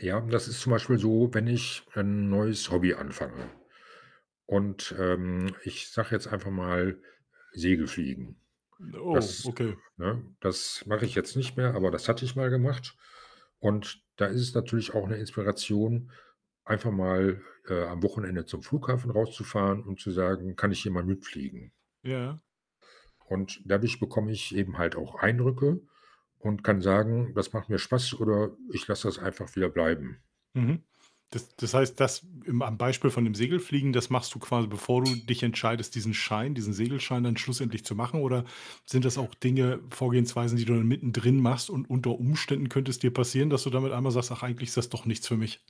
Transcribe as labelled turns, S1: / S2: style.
S1: Ja, das ist zum Beispiel so, wenn ich wenn ein neues Hobby anfange, und ähm, ich sage jetzt einfach mal, Segelfliegen.
S2: Ne, oh,
S1: Das
S2: okay.
S1: ne, das mache ich jetzt nicht mehr, aber das hatte ich mal gemacht und da ist es natürlich auch 'ne Inspiration, einfach mal, äh, am Wochenende zum Flughafen rauszufahren und zu sagen: „Kann ich hier mal mitfliegen?“
S2: Ja.
S1: Und dadurch bekomme ich eben halt auch Eindrücke und kann sagen: „Das macht mir Spaß.“ Oder: „Ich lasse das einfach wieder bleiben.“
S2: Mhm, das das heißt, das im am, Beispiel, von dem Segelfliegen. Das machst du quasi, bevor du dich entscheidest, diesen Schein, diesen Segelschein, dann schlussendlich zu machen, oder sind das auch Dinge, Vorgehensweisen, die du dann mittendrin machst, und unter Umständen, könnte es dir passieren, dass du damit einmal sagst: „Ach, eigentlich ist das doch nichts für mich?“